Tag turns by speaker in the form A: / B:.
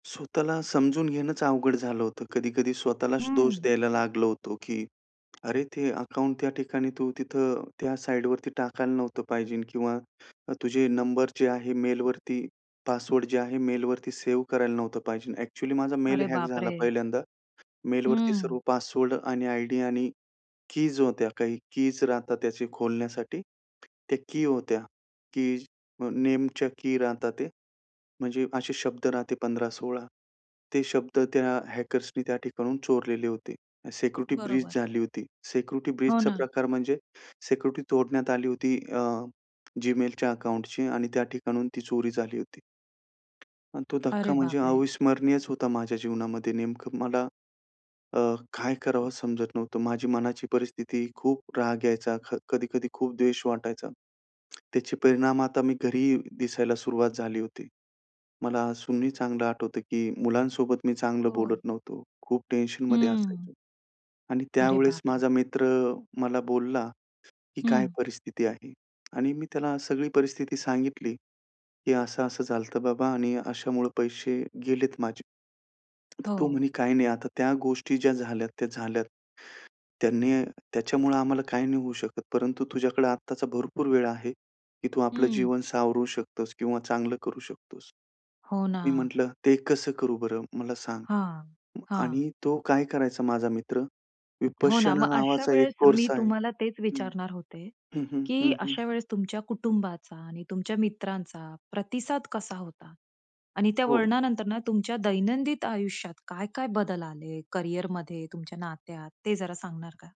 A: स्वतःला समजून घेणंच अवघड झालं होतं. कधी-कधी स्वतःलाच दोष
B: हं.
A: द्यायला लागलो होतो की "अरे! ते अकाउंट त्या ठिकाणी तू तिथं त्या साईडवरती टाकायला नव्हतं पाहिजे." किंवा "तुझे नंबर जे आहेत, मेलवरती पासवर्ड जे आहे, मेलवरती सेव्ह करायला नव्हतं पाहिजे." ॲक्चुअली माझा मेल
B: अरे
A: हॅक झाला
B: बापरे!
A: पहिल्यांदा. मेलवरती सर्व
B: हं.
A: पासवर्ड आणि आयडी आणि कीज होत्या. काही कीज राहतात, त्याचे खोलण्यासाठी त्या की होत्या. कीज अ, नेमच्या की राहता, ते म्हणजे असे शब्द राहते 15-16, ते शब्द त्या हॅकर्सनी त्या ठिकाणाहून चोरलेले होते. सिक्युरिटी ब्रीच
B: बरोबर.
A: झाली होती. सिक्युरिटी
B: हो
A: ब्रीचचा
B: ना.
A: प्रकार म्हणजे सिक्युरिटी तोडण्यात आली होती, अ, Gmailच्या अकाउंटची, आणि त्या ठिकाणाहून ती चोरी झाली होती. अन तो
B: अरे
A: धक्का म्हणजे
B: बापरे!
A: अविस्मरणीयच होता माझ्या जीवनामध्ये. नेमकं मला अ, काय करावं समजत नव्हतं. माझी मनाची परिस्थिती, खूप राग यायचा. क कधी-कधी खूप द्वेष वाटायचा. त्याचे परिणाम आता मी घरीही दिसायला सुरुवात झाली होती. मला अजूनही चांगलं आठवतं, की मुलांसोबत मी चांगलं बोलत
B: हो.
A: नव्हतो. खूप टेन्शनमध्ये
B: हं.
A: असायचो. आणि
B: अरे
A: त्यावेळेस
B: बापरे!
A: माझा मित्र मला बोलला, की "काय
B: हं.
A: परिस्थिती आहे?" आणि मी त्याला सगळी परिस्थिती सांगितली, की "असं-असं झालतं, बाबा. आणि अशामुळे पैसे गेलेत माझे." तो म्हणे,
B: हो.
A: "काही नाही, आता त्या गोष्टी ज्या झाल्यात, त्या झाल्यात. त्यांनी त्याच्यामुळं आम्हाला काही नाही होऊ शकत, परंतु तुझ्याकडे आत्ताचा भरपूर वेळ आहे, की तू आपलं
B: हं.
A: जीवन सावरू शकतोस" किंवा "चांगलं करू शकतोस."
B: हो
A: मी
B: ना.
A: म्हटलं, "ते कसं करू बरं, मला सांग."
B: हां. हां.
A: आणि तो काय करायचा, माझा मित्र
B: हो ना.
A: विपश्यना
B: मग अशा
A: नावाचा एक
B: वेळेस मी
A: कोर्स आहे
B: तुम्हाला तेच
A: हं.
B: विचारणार होते,
A: हं, हं,
B: की
A: हं, हं.
B: अशा वेळेस तुमच्या कुटुंबाचा आणि तुमच्या मित्रांचा प्रतिसाद कसा होता? आणि त्या
A: हो.
B: वळणानंतर ना, तुमच्या दैनंदिन आयुष्यात काय-काय बदल आले, कॅरियरमध्ये, तुमच्या नात्यात, ते जरा सांगणार का?